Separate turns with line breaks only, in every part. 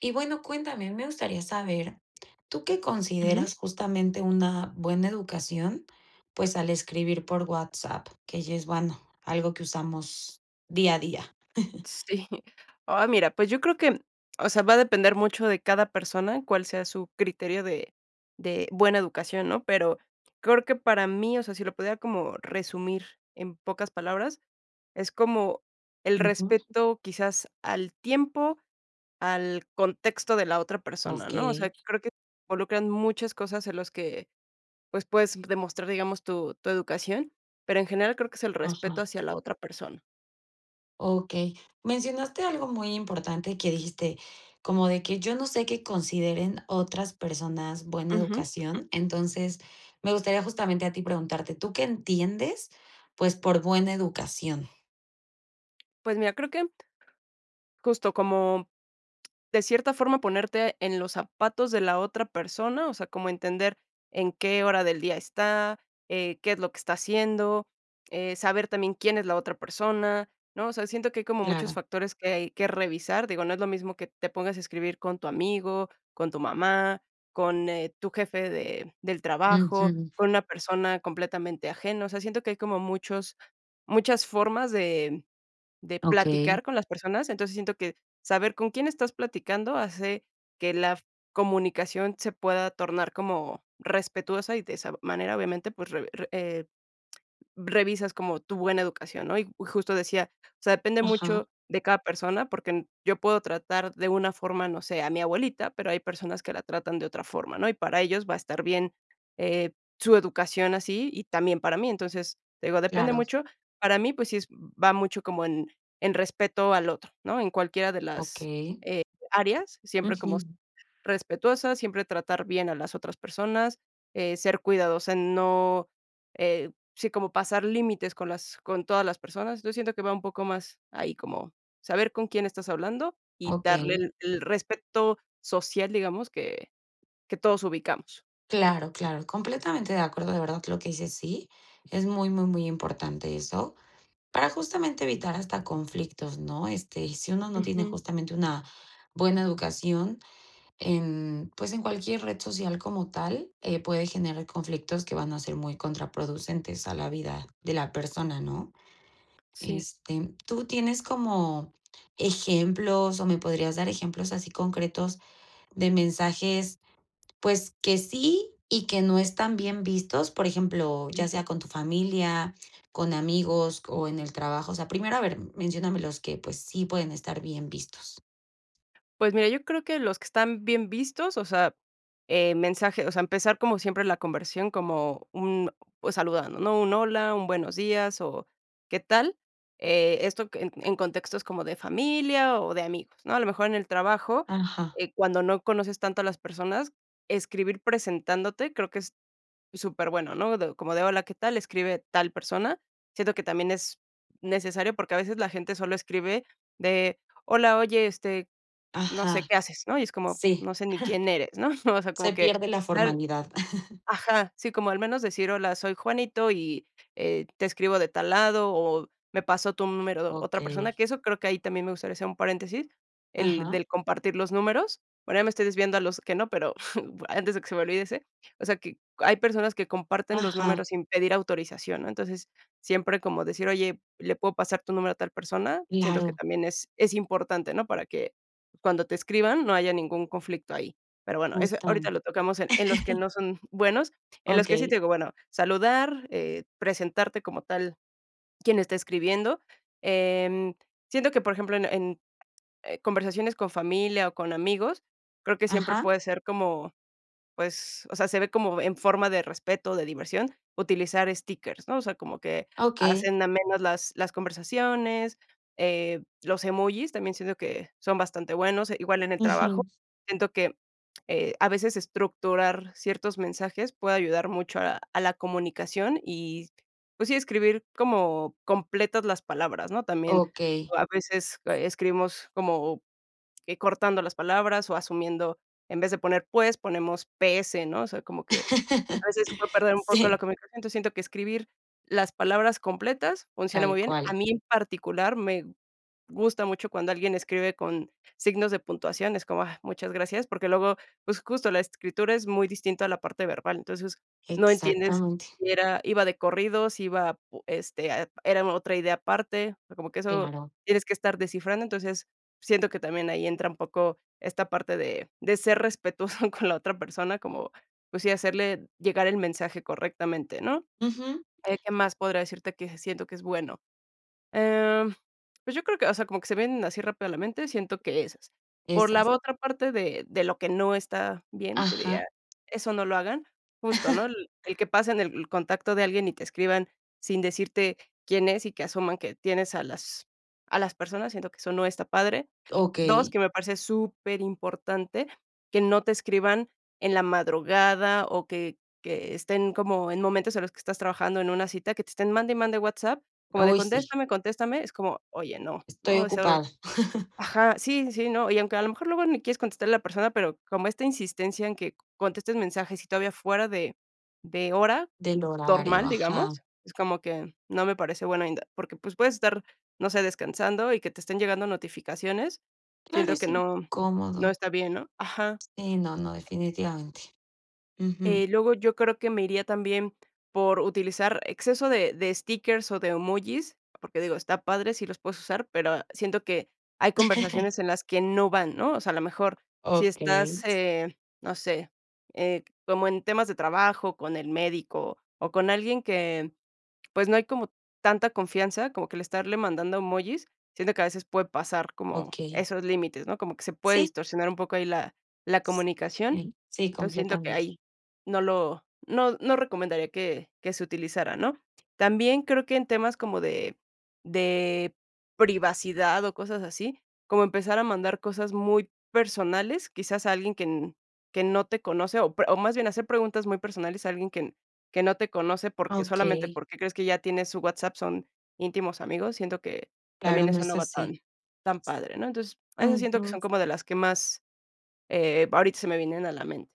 Y bueno, cuéntame, me gustaría saber, ¿tú qué
Uju.
consideras justamente una buena educación? Pues al escribir por WhatsApp, que ya es bueno, algo que usamos día a día.
Sí. Oh mira, pues yo creo que o sea va a depender mucho de cada persona, cual sea su criterio de de buena educación ¿no? Pero creo que para mí, o sea, si lo pudiera como resumir en pocas palabras, es como el
Uju.
respeto quizás al tiempo, al contexto de la otra persona, ¿no? O sea,
Okey.
creo que involucran muchas cosas en las que, pues, puedes demostrar, digamos, tu tu educación. Pero en general creo que es el respeto
Ajá.
hacia la otra persona.
Okey. Mencionaste algo muy importante que dijiste, como de que yo no sé qué consideren otras personas buena
Uju.
educación. Entonces, me gustaría justamente a ti preguntarte, ¿tú qué entiendes? Pues, por buena educación.
Pues mira, creo que justo como de cierta forma ponerte en los zapatos de la otra persona, o sea, como entender en qué hora del día está eh, qué es lo que está haciendo eh, saber también quién es la otra persona, ¿no? O sea, siento que hay como muchos
Claro.
factores que hay que revisar, digo, no es lo mismo que te pongas a escribir con tu amigo, con tu mamá, con eh tu jefe de del trabajo,
Uju.
con una persona completamente ajeno. O sea, siento que hay como muchos muchas formas de de platicar
Okey.
con las personas. Entonces, siento que saber con quién estás platicando hace que la comunicación se pueda tornar como respetuosa y de esa manera, obviamente, pues, re eh revisas como tu buena educación, ¿no? Y justo decía, o sea, depende
Ajá.
mucho de cada persona, porque yo puedo tratar de una forma, no sé, a mi abuelita, pero hay personas que la tratan de otra forma, ¿no? Y para ellos va a estar bien, eh, su educación así, y también para mí. Entonces, te digo, depende
Claro.
mucho. Para mí, pues, sí es va mucho como en en respeto al otro, ¿no? En cualquiera de las,
Okey.
eh, áreas, siempre como
Uju.
respetuosas, siempre tratar bien a las otras personas, eh, ser cuidadosa, no eh, sí, como pasar límites con las con todas las personas, yo siento que va un poco más ahí como saber con quién estás hablando y darle
Okey.
el el respeto social, digamos, que que todos ubicamos.
Claro, claro, completamente de acuerdo, de verdad, lo que dices sí. Es muy, muy, muy importante eso, para justamente evitar hasta conflictos, ¿no? este, y si uno no tiene
Uju.
justamente una buena educación en pues, en cualquier red social como tal eh, puede generar conflictos que van a ser muy contraproducentes a la vida de la persona, ¿no?
Sí.
Este, tú tienes como ejemplos o me podrías dar ejemplos así concretos de mensajes pues que sí y que no están bien vistos, por ejemplo, ya
Uju.
sea con tu familia, con amigos o en el trabajo, o sea, primero a ver, menciónamelos que pues sí pueden estar bien vistos.
Pues mira, yo creo que los que están bien vistos, o sea eh, mensaje, o sea, empezar como siempre la conversión como un pues saludando, ¿no? Un hola, un buenos días o qué tal, eh, esto en en contextos como de familia o de amigos, ¿no? A lo mejor en el trabajo,
Ajá.
eh, cuando no conoces tanto a las personas, escribir presentándote, creo que es súper bueno, ¿no? Como de: "Hola, ¿qué tal?" Escribe tal persona. Siento que también es necesario porque a veces la gente solo escribe de, hola, oye, este, no sé
Ajá,
qué haces, ¿no? Y es como,
sí.
no sé ni quién eres, ¿no? O sea, como
Se
que
pierde la
dar,
formalidad.
ajá, sí, como al menos decir: "Hola, soy Juanito y eh te escribo de tal lado o me pasó tu número otra persona",
Okey.
que eso creo que ahí también me gustaría hacer un paréntesis, el
Ajá.
del compartir los números. Bueno ya me estoy desviando a los que no, pero antes de que se me olvide ese, o sea, que hay personas que comparten los
Ajá.
números sin pedir autorización, ¿no? Entonces, siempre como decir: "Oye, le puedo pasar tu número a tal persona". Siento que
Claro.
también es es importante, ¿no? Para que cuando te escriban, no haya ningún conflicto ahí. Pero bueno, eso
Justam
ahorita lo tocamos en en los que no son buenos, en los que sí te
Okey.
digo, bueno, saludar, eh, presentarte como tal quién está escribiendo, eh, mm, siento que, por ejemplo, en en conversaciones con familia o con amigos, creo que siempre
Ajá.
puede ser como, pues, o sea, se ve como en forma de respeto, de diversión, utilizar stickers, ¿no? O sea, como que
Okey.
hacen amenas las las conversaciones, eh, los emojis también siento que son bastante buenos, igual en el trabajo.
Uju.
Siento que, eh, a veces estructurar ciertos mensajes puede ayudar mucho a a la comunicación y pues sí, escribir como completas las palabras, ¿no? También
Okey.
a veces escribimos, eh, como cortando las palabras o asumiendo en vez de poner, pues, ponemos P S, ¿no? O sea, como que a veces se puede perder un poco lo
Sí.
que me siento, siento que escribir las palabras completas funciona muy
Tal
bien. A
cual.
mí en particular me gusta mucho cuando alguien escribe con signos de puntuación, es como, ah, muchas gracias, porque luego, pues justo la escritura es muy distinta a la parte verbal. Entonces, no entiendes
Exactamente.
si era iba de corrido, si iba pu este, era otra idea aparte, como que eso
Claro.
tienes que estar descifrando. Entonces, siento que también ahí entra un poco esta parte de de ser respetuoso con la otra persona, como, pues sí, hacerle llegar el mensaje correctamente, ¿no?
Uju.
Eh ¿qué más podría decirte que siento que es bueno? Em, pues yo creo que, o sea, como que se vienen así rápido a la mente, siento que esas por la
Esas.
otra parte de de lo que no está bien, que diga,
Ajá.
eso no lo hagan justo, ¿no? El el que pasen el contacto de alguien y te escriban sin decirte quién es y que asuman que tienes a las a las personas, siento que eso no está padre. Dos,
Okey.
que me parece súper importante que no te escriban en la madrugada o que que estén como en momentos en los que estás trabajando en una cita, que te estén mande y mande WhatsApp, como de
Uy sí.
contéstame, contéstame, es como que: "Oye, no, no",
Estoy
o sea,
ocupada.
ajá, sí, sí, no, y aunque a lo mejor luego ni quieres contestarle a la persona, pero como esta insistencia en que contestes mensajes y todavía fuera de de hora
Del horario,
normal,
ajá.
digamos, es como que no me parece bueno, porque, pues, puedes estar, no sé, descansando y que te estén llegando notificaciones,
Claro,
siento
es
que no no
incómodo.
está bien, ¿no? Ajá.
Sí no, no, definitivamente, uju.
Eh luego, yo creo que me iría también por utilizar exceso de de stickers o de emojis, porque, digo, está padre si los puedes usar, pero siento que hay conversaciones en las que no van, ¿no? O sea, a lo mejor, si estás,
Okey.
eh, no sé, eh, como en temas de trabajo, con el médico, o con alguien que, pues, no hay como tanta confianza, como que el estarle mandando emojis, siendo que a veces puede pasar como
Okey.
esos límites, ¿no? Como que se puede
Sí.
distorsionar un poco ahí la la comunicación.
Okey, sí,
Entonces, siento que
completamente.
ahí no lo no no recomendaría que que se utilizara, ¿no? También creo que en temas como de de privacidad o cosas así, como empezar a mandar cosas muy personales, quizás a alguien que n que no te conoce, o pre o más bien hacer preguntas muy personales a alguien que que no te conoce porque solamente
Okey.
porque crees que ya tienes su WhatsApp, son íntimos amigos, siento que
Claro,
también
no
eso
es
no va
así.
tan tan padre, ¿no? Entonces, esas siento que
Uju.
son como de las que más, eh, ahorita se me vienen a la mente.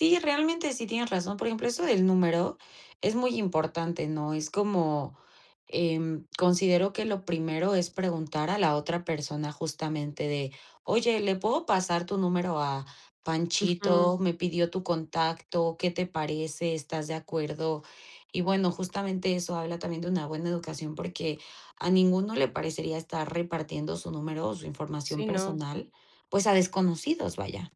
Sí, realmente sí tienes razón. Por ejemplo, eso del número es muy importante, ¿no? es como, em, considero que lo primero es preguntar a la otra persona justamente de: "oye, ¿le puedo pasar tu número a
Uju.
Panchito? me pidió tu contacto, ¿qué te parece? ¿estás de acuerdo?" y bueno, justamente eso habla también de una buena educación, porque a ninguno le parecería estar repartiendo su número o su información
Sí, no.
personal, pues a desconocidos, vaya.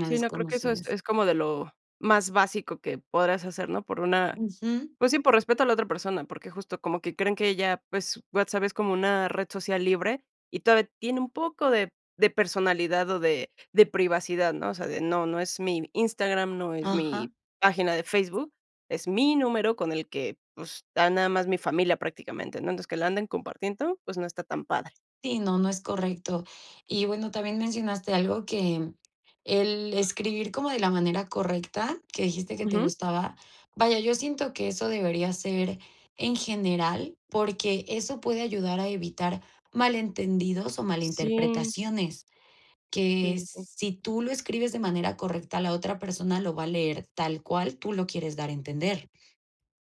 A
Sí, no, creo que eso es
desconocidos.
es como de lo más básico que podrás hacer, ¿no? Por una,
Uju.
pues sí, por respeto a la otra persona, porque justo como que creen que ya, pues, WhatsApp es como una red social libre, y todavía tiene un poco de de personalidad o de de privacidad, ¿no? O sea, de no no es mi Instagram, no es
Ajá.
mi página de Facebook, es mi número con el que, pues, está nada más mi familia prácticamente, ¿no? Entonces, que la anden compartiendo, pues, no está tan padre.
Sí, no, no es correcto. Y bueno, también mencionaste algo que el escribir como de la manera correcta que dijiste que te
Uju.
gustaba, vaya, yo siento que eso debería ser en general, porque eso puede ayudar a evitar malentendidos o mal
Sí.
interpretaciones,
Sí,
que
sí, sí.
si tú lo escribes de manera correcta, la otra persona lo va a leer tal cual tú lo quieres dar a entender.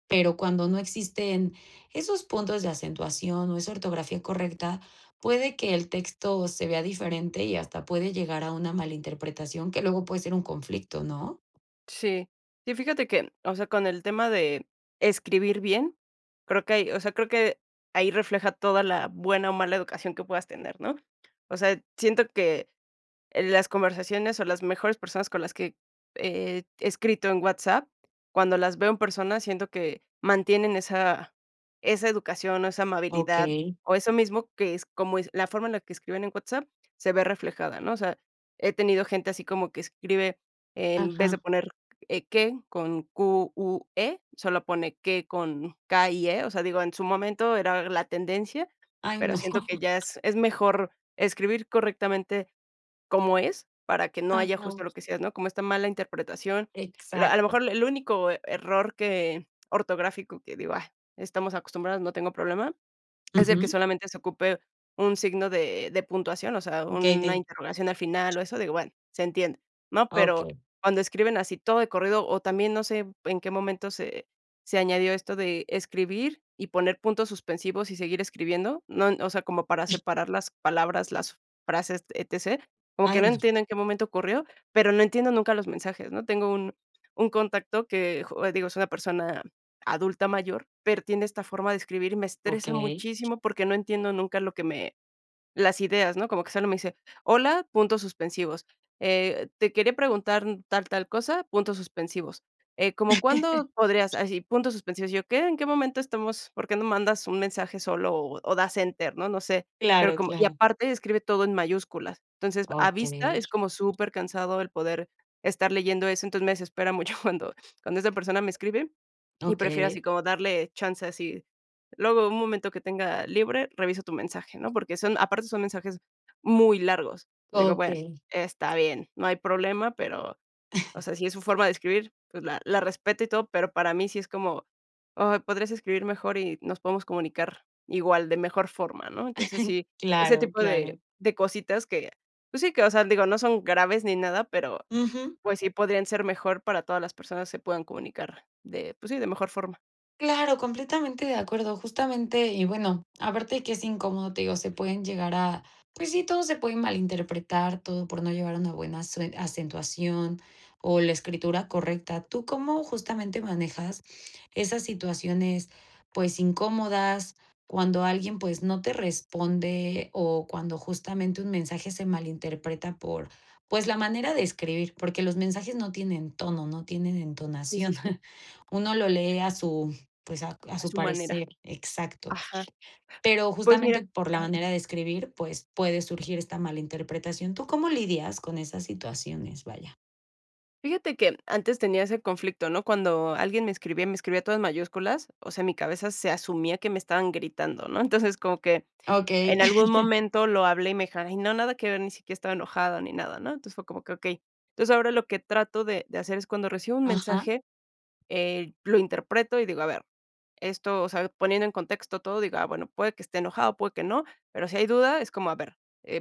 Pero cuando no existen esos puntos de acentuación o esa ortografía correcta, puede que el texto se vea diferente y hasta puede llegar a una malinterpretación que luego puede ser un conflicto, ¿no?
Sí, sí fíjate que, o sea, con el tema de escribir bien, creo que hay, o sea, creo que ahí refleja toda la buena o mala educación que puedas tener, ¿no? O sea, siento que las conversaciones o las mejores personas con las que he escrito en WhatsApp, cuando las veo en personas, siento que mantienen esa esa educación o esa amabilidad
Okey.
o eso mismo que es como es la forma en la que escriben en WhatsApp se ve reflejada, ¿no? O sea he tenido gente así como que escribe en vez de
Ajá.
poner e qué con cu u e solo pone que con ca y e, o sea, digo, en su momento era la tendencia,
Ay,
pero
no.
siento que ya es es mejor escribir correctamente cómo es, para que no haya
Ajá.
justo lo que decías, ¿no? Como está mala interpretación, la a lo
Exacto.
mejor el único error que ortográfico que digo: "Ay, estamos acostumbrados, no tengo problema", es de que
Uju.
solamente se ocupe un signo de de puntuación, o sea,
Okey,
una
dí.
interrogación al final o eso, digo, bueno, se entiende, ¿no? Pero
Okey.
cuando escriben así todo de corrido o también no sé en qué momento se se añadió esto de escribir y poner puntos suspensivos y seguir escribiendo, ¿no?, O sea, como para separar las palabras, las frases, etc. Como que
Ay
no
no.
entiendo en qué momento ocurrió, pero no entiendo nunca los mensajes, ¿no? Tengo un un contacto que, digo, es una persona adulta mayor, pero tiene esta forma de escribir y me estresa
Okey.
muchísimo porque no entiendo nunca lo que me, las ideas, no como que solo me dice: "Hola, puntos suspensivos, eh, te quería preguntar tal, tal cosa, puntos suspensivos, eh como cuándo podrías así puntos suspensivos". Yo qué, en qué momento estamos, por qué no mandas un mensaje solo o das enter, ¿no? No sé, pero
Claro,
como y
claro.
aparte escribe todo en mayúsculas. Entonces, a vista
Okey.
es como supercansado el poder estar leyendo eso. Entonces, me desespera mucho cuando cuando esa persona me escribe y prefiero
Okey.
así como darle chance así luego un momento que tenga libre, reviso tu mensaje, ¿no?, porque son aparte son mensajes muy largos. Te digo, bueno,
Okey.
está bien, no hay problema, pero, o sea, si es su forma de escribir, pues la la respeto y todo. Pero para mí sí es como, oh, podrías escribir mejor y nos podemos comunicar igual de mejor forma, ¿no? Entonces, sí, ese
Claro,
tipo de
claro.
de cositas que, pues sí, que, o sea, digo, no son graves ni nada, pero,
Uju.
pues sí podrían ser mejor para todas las personas se puedan comunicar de pues sí, de mejor forma.
Claro, completamente de acuerdo. Justamente y bueno, aparte de qué es incómodo, te digo, se pueden llegar a pues sí, todo se puede malinterpretar, todo por no llevar una buena asue acentuación o la escritura correcta. ¿Tú cómo justamente manejas esas situaciones, pues, incómodas? cuando alguien, pues, no te responde o cuando justamente un mensaje se malinterpreta por, pues, la manera de escribir, porque los mensajes no tienen tono, no tienen
Sí,
entonación.
sí, sí.
Uno lo lee a su pues, a a
A
su
su manera,
parecer, exacto.
ajá,
Pero
pues mira,
justamente por la
ajá.
manera de escribir, pues, puede surgir esta mala interpretación. ¿Tú cómo lidias con esas situaciones, vaya?
Fíjate que antes tenía ese conflicto, ¿no? Cuando alguien me escribía, me escribía todo en mayúsculas, o sea, mi cabeza se asumía que me estaban gritando, ¿no? Entonces, como que
Okey.
en algún momento lo hablé y me dijeron: "Ay no, nada que ver, ni siquiera estaba enojada ni nada", ¿no? Entonces, fue como que okey. Entonces, ahora lo que trato de de hacer es cuando recibo un
Ajá.
mensaje, eh, lo interpreto y digo, a ver, esto, o sea, poniendo en contexto todo, digo: "Ah, bueno, puede que esté enojado, puede que no", pero si hay duda es como a ver,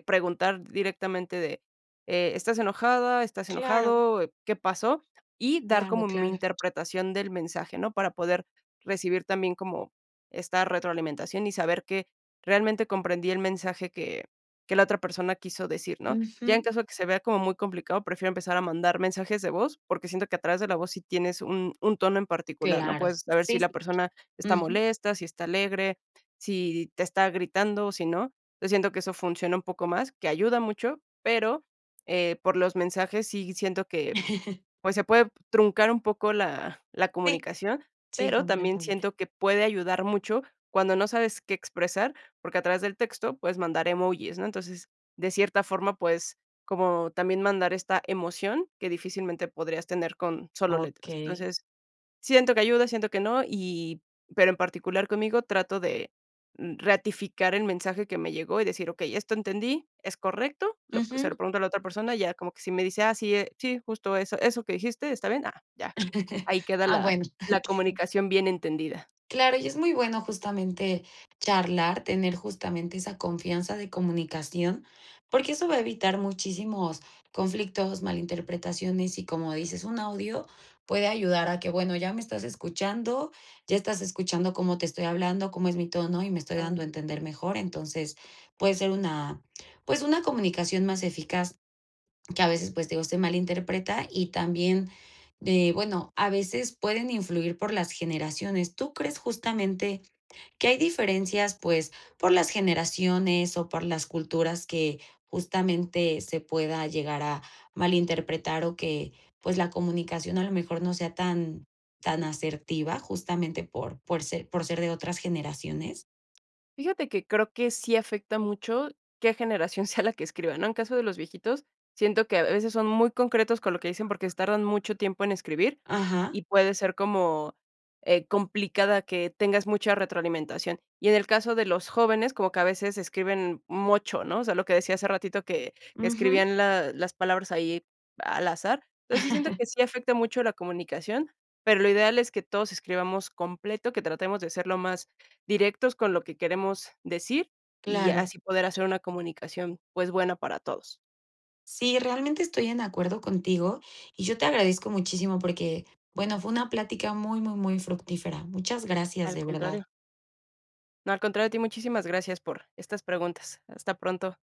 preguntar directamente de, eh, ¿estás enojada? ¿estás
Claro.
enojado? ¿Qué pasó? Y dar
Claro,
como mi
claro.
interpretación del mensaje, ¿no? Para poder recibir también como esta retroalimentación y saber que realmente comprendí el mensaje que que la otra persona quiso decir, ¿no? Ya en
Ujú.
caso de que se vea como muy complicado, prefiero empezar a mandar mensajes de voz, porque siento que a través de la voz sí tienes un un tono en particular, ¿no?
Claro,
Puedes saber si
sí, sí.
la persona está
Ujú.
molesta, si está alegre, si te está gritando o si no. Yo siento que eso funciona un poco más, que ayuda mucho, pero, eh, por los mensajes sí siento que, pues, se puede truncar un poco la la
Sí,
comunicación,
sí,
pero también
completamente.
siento que puede ayudar mucho cuando no sabes qué expresar, porque a través del texto puedes mandar emojis. ¿no? Entonces, de cierta forma, puedes como también mandar esta emoción que difícilmente podrías tener con solo letras.
Okey.
Entonces, siento que ayuda, siento que no y, pero en particular conmigo trato de, mm, ratificar el mensaje que me llegó y decir: "Okey, esto entendí, ¿es correcto?" Lo, se
Ujú.
lo pregunto a la otra persona, ya como que si me dice: "Ah, sí, sí, justo eso eso que dijiste, está bien", ah, ya. Ahí queda
Ah,
la
bueno. Sí.
la comunicación bien entendida.
Claro, y es muy bueno justamente charlar, tener justamente esa confianza de comunicación, porque eso va a evitar muchísimos conflictos, mal interpretaciones y, como dices, un audio puede ayudar a que, bueno, ya me estás escuchando, ya estás escuchando cómo te estoy hablando, cómo es mi tono y me estoy
Ah.
dando a entender mejor. Entonces, puede ser una, pues, una comunicación más eficaz que a veces, pues, te digo, se malinterpreta y también de, bueno, a veces pueden influir por las generaciones. ¿Tú crees, justamente que hay diferencias, pues, por las generaciones o por las culturas que justamente se pueda llegar a malinterpretar o que, pues, la comunicación a lo mejor no sea tan tan asertiva justamente por por ser por ser de otras generaciones?
Fíjate que creo que sí afecta mucho qué generación sea la que escriba, ¿no? En caso de los viejitos, siento que a veces son muy concretos con lo que dicen porque tardan mucho tiempo en escribir
Ajá.
y puede ser como, eh, complicada que tengas mucha retroalimentación. Y en el caso de los jóvenes, como que a veces escriben mocho. ¿no? O sea, lo que decía hace ratito, que que
Ujú.
escribían la, las palabras ahí al azar. Entonces, sí siento que sí afecta mucho la comunicación, pero lo ideal es que todos escribamos completo, que tratemos de ser lo más directos con lo que queremos decir, y
Claro.
así poder hacer una comunicación, pues, buena para todos.
Sí, realmente estoy en acuerdo contigo y yo te agradezco muchísimo porque, bueno, fue una plática muy, muy, muy fructífera. Muchas gracias,
Al
de verdad.
contrario. No, al contrario a ti, muchísimas gracias por estas preguntas. Hasta pronto.